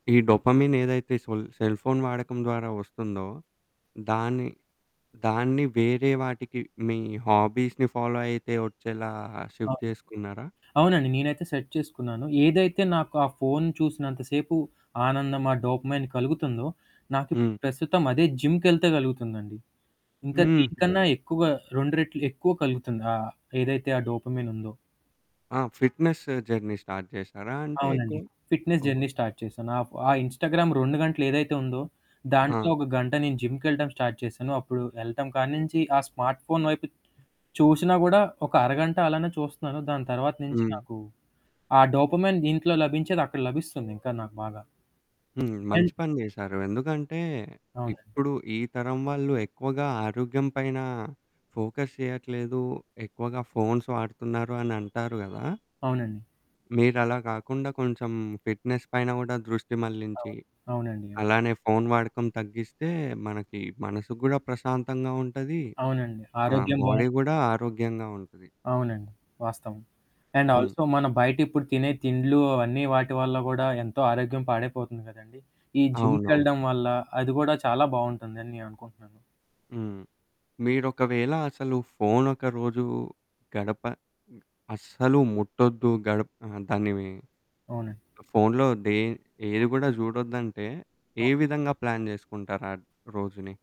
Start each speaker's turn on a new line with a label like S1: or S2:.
S1: ఈ డోపమిన్ ఏదైతే సొల్ cell phone వాడకం ద్వారా వస్తుందో, దాన్ని, దాన్ని వేరే వాటికి మీ హాబీస్‌ని ఫాలో అయితే వచ్చేలా షిఫ్ట్
S2: అవును.
S1: చేసుకున్నారా?
S2: అవునండి. నేనైతే సెట్ చేసుకున్నాను. ఏదైతే నాకు ఆ ఫోను చూసినంతసేపు ఆనందం, ఆ డోపమైన్ కలుగుతుందో, నాకు ఇప్పుడు
S1: హ్మ్.
S2: ప్రస్తుతం అదే జిమ్‌కెళ్తే కలుగుతుందండి. ఇంకా
S1: హుహు.
S2: దీనికన్నా ఎక్కువ, 2 రెట్లు ఎక్కువ కలుగుతుంది. ఆ ఏదైతే ఆ డోపమైన్ ఉందో.
S1: ఆ! ఫిట్‌నెస్ జర్నీ స్టార్ట్ చేశారా? అంటే
S2: అవునండి.
S1: ఎక్కువ
S2: ఫిట్‌నెస్
S1: ఓహ్!
S2: జర్నీ స్టార్ట్ చేశాను. ఆహ్, ఆ ఇన్‌స్టాగ్రామ్ 2 గంటలు ఏదైతే ఉందో, దాంట్లో
S1: ఆ!
S2: ఒక గంట నేను జిమ్‌కెళ్లటం స్టార్ట్ చేశాను. అప్పుడు ఎళ్లటం కాడి నుంచి ఆ స్మార్ట్‌ఫోన్ వైపు చూసినా కూడా ఒక అరగంట అలానే చూస్తున్నాను. దాని తర్వాత నుంచి
S1: హ్మ్.
S2: నాకు ఆ డోపమైన్ దీంట్లో లభించేది అక్కడ లభిస్తుంది. ఇంకా నాకు బాగా.
S1: హ్మ్.
S2: ఎన్
S1: మంచి పని చేశారు. ఎందుకంటే
S2: అవునండి.
S1: ఇప్పుడు ఈ తరం వాళ్లు ఎక్కువగా ఆరోగ్యం పైన ఫోకస్ చేయట్లేదు. ఎక్కువగా ఫోన్స్ వాడుతున్నారు అని అంటారు గదా!
S2: అవునండి.
S1: మీరలా కాకుండా కొంచెం ఫిట్‌నెస్ పైన గూడా దృష్టి మళ్లించి,
S2: అవును. అవునండి అవును.
S1: అలానే ఫోను వాడకం తగ్గిస్తే మనకి మనసు కూడా ప్రశాంతంగా ఉంటది.
S2: అవునండి.
S1: ఆ!
S2: ఆరోగ్యం బావు
S1: బాడీ కూడా ఆరోగ్యంగా ఉంటది.
S2: అవునండి. వాస్తవం. అండ్
S1: హ్మ్.
S2: ఆల్సో మన బయట ఇప్పుడు తినే తిండ్లు అవన్నీ వాటి వల్ల కూడా ఎంతో ఆరోగ్యం పాడైపోతుంది కదండీ. ఈ
S1: అవునవును.
S2: జిమ్‌కెళ్లడం వల్ల అది కూడా చాలా బావుంటుందని నేననుకుంటున్నాను.
S1: హ్మ్. మీరొకవేళ అసలు ఫోను ఒక రోజు గడప అస్సలు ముట్టొద్దు, గడప ఆహ్, దాన్నిఫోన్లో
S2: అవునండి.
S1: దే ఏది కూడా చూడొద్దంటే, ఏ
S2: ట
S1: విధంగా ప్లాన్ చేసుకుంటారు ఆ రోజుని?